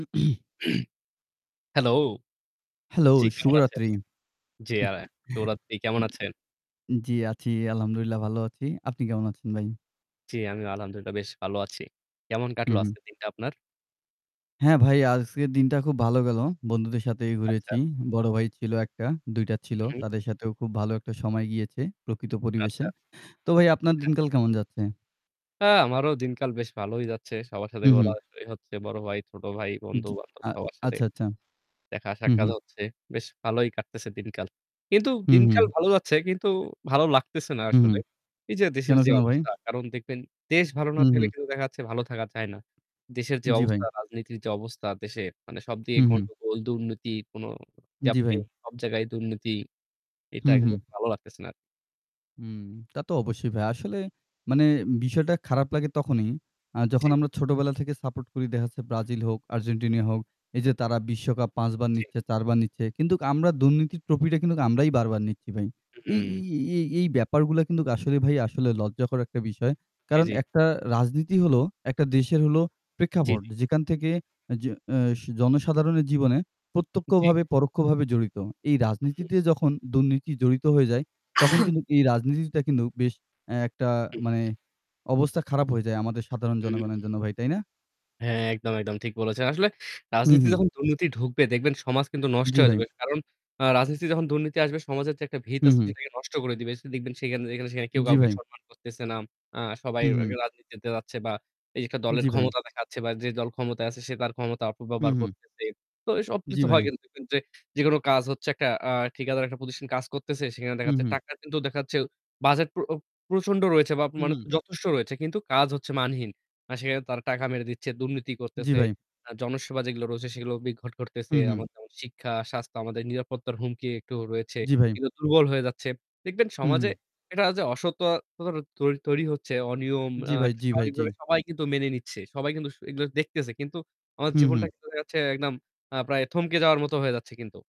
Hello. Hello, জ্বী, কেমন আছেন? শুভরাত্রি। জ্বী, [unintelligible] শুভরাত্রি, কেমন আছেন? জ্বী, আছি। আলহামদুলিল্লাহ ভালো আছি। আপনি কেমন আছেন ভাই? জ্বী, আমিও আলহামদুলিল্লাহ বেশ ভালো আছি। কেমন হু, কাটলো হু। আজকের দিনটা আপনার? হ্যাঁ, ভাই আজকের দিনটা খুব ভালো গেলো। বন্ধুদের সাথেই আচ্ছা। ঘুরেছি। বড় ভাই ছিল ১ টা, ২ টা ছিল। হুম। তাদের সাথেও খুব ভালো একটা সময় গিয়েছে প্রকৃত পরিবেশে। আচ্ছা। তো ভাই আপনার হ্যাঁ। দিনকাল কেমন যাচ্ছে? হ্যাঁ, আমারও দিনকাল বেশ ভালোই যাচ্ছে। সবার সাথে হু, ঘোরা হু। [unintelligible] হচ্ছে বড় ভাই, ছোট ভাই, বন্ধু-বান্ধব আ সবার সাথে। আচ্ছা, আচ্ছা। হু, দেখা-সাক্ষাৎ হু। হচ্ছে। বেশ ভালোই কাটতেছে দিনকাল। কিন্তু হু, দিনকাল হু। ভালো যাচ্ছে কিন্তু ভালো লাগতেছে না হু, হু। আসলে। এই যে কেন দেশের যে কেন ভাই? অবস্থা কারণ দেখবেন দেশ ভালো না হু, থাকলে হু। কিন্তু দেখা যাচ্ছে ভালো থাকা যায় না। দেশের যে জ্বী, ভাই। অবস্থা, রাজনীতির যে অবস্থা দেশে, মানে সবদিকে হু, হু। গন্ডগোল, দুর্নীতি কোন যা জ্বী, আপনি ভাই। সব জায়গায় দুর্নীতি, এটা হু, হু। কিন্তু ভালো লাগতেছে না আর। হুম, তা তো অবশ্যই ভাই। আসলে মানে বিষয়টা খারাপ লাগে তখনই। আ যখন জ্বী। আমরা ছোটবেলা থেকে সাপোর্ট করি। দেখা যাচ্ছে ব্রাজিল হোক, আর্জেন্টিনা হোক, এই যে তারা বিশ্বকাপ ৫ বার জ্বী। নিচ্ছে, ৪ -বার নিচ্ছে। কিন্তু আমরা দুর্নীতির ট্রফিটা কিন্তু আমরাই বারবার নিচ্ছি ভাই। হুম, এই এই হুম। এই এই ব্যাপারগুলো কিন্তু আসলে ভাই আসলে লজ্জাকর একটা বিষয়। জ্বী, কারণ জ্বী। একটা রাজনীতি হলো একটা দেশের হল জ্বী। প্রেক্ষাপট। যেখান থেকে যে অ্যাস জনসাধারণের জীবনে জ্বী। প্রত্যক্ষভাবে পরোক্ষভাবে জড়িত। এই হুম। রাজনীতিতে যখন দুর্নীতি জড়িত হয়ে যায়। তখন কিন্তু এই রাজনীতিটা কিন্তু বেশ এ একটা মানে হুম। অবস্থা খারাপ হয়ে যায় আমাদের সাধারণ হুম। জনগণের জন্য ভাই। তাই না? হ্যাঁ, একদম, একদম ঠিক বলেছেন। আসলে হু, রাজনীতি হু। যখন দুর্নীতি ঢুকবে, দেখবেন সমাজ কিন্তু নষ্ট জ্বী, হয়ে ভাই। যাবে। কারণ আ রাজনীতি যখন দুর্নীতি আসবে, সমাজের যে একটা ভিত হু, আছে হু। সেটাকে নষ্ট করে দিবে। দেখবেন যেখানে সেখানে কেউ জ্বী, কাউকে ভাই। সম্মান করতেছে না। আ সবাই হু, হু। রাজনীতিতে যাচ্ছে বা এই যে একটা দলের জ্বী, ভাই। ক্ষমতা দেখাচ্ছে বা যে দল ক্ষমতায় আছে, সে তার ক্ষমতা হু, অপব্যবহার হু। করতেছে। তো এইসব জ্বী কিছু হয় ভাই। কিন্তু দেখবেন যে যেকোনো কাজ হচ্ছে আ একটা ঠিকাদার একটা প্রতিষ্ঠান কাজ করতেছে। সেখানে দেখা হু, যাচ্ছে হু। টাকা কিন্তু দেখা যাচ্ছে বাজেট প্র প্রচন্ড রয়েছে বা মানে হুম। যথেষ্ট রয়েছে। কিন্তু কাজ হচ্ছে মানহীন। মানে সেখানে তারা টাকা মেরে দিচ্ছে, দুর্নীতি জ্বী, করতেছে, ভাই। আ জনসেবা যেগুলো রয়েছে, সেগুলো বিদঘট করতেছে। হু, হু। এমন যেমন শিক্ষা, স্বাস্থ্য, আমাদের নিরাপত্তার হুমকি একটু রয়েছে। জ্বী, ভাই। কিংবা দুর্বল হয়ে যাচ্ছে, দেখবেন হু, সমাজে হু। এটা যে অসত-ততা তৈরি তৈরি হচ্ছে। অনিয়ম জ্বী আ ভাই, জ্বী ভাই, জ্বী। স্বাভাবিকভাবে সবাই কিন্তু মেনে নিচ্ছে। সবাই কিন্তু স এগুলো দেখতেছে। কিন্তু আমাদের হু, জীবনটা হু। কিন্তু দেখা যাচ্ছে একদম আ প্রায় থমকে যাওয়ার মতো হয়ে যাচ্ছে কিন্তু।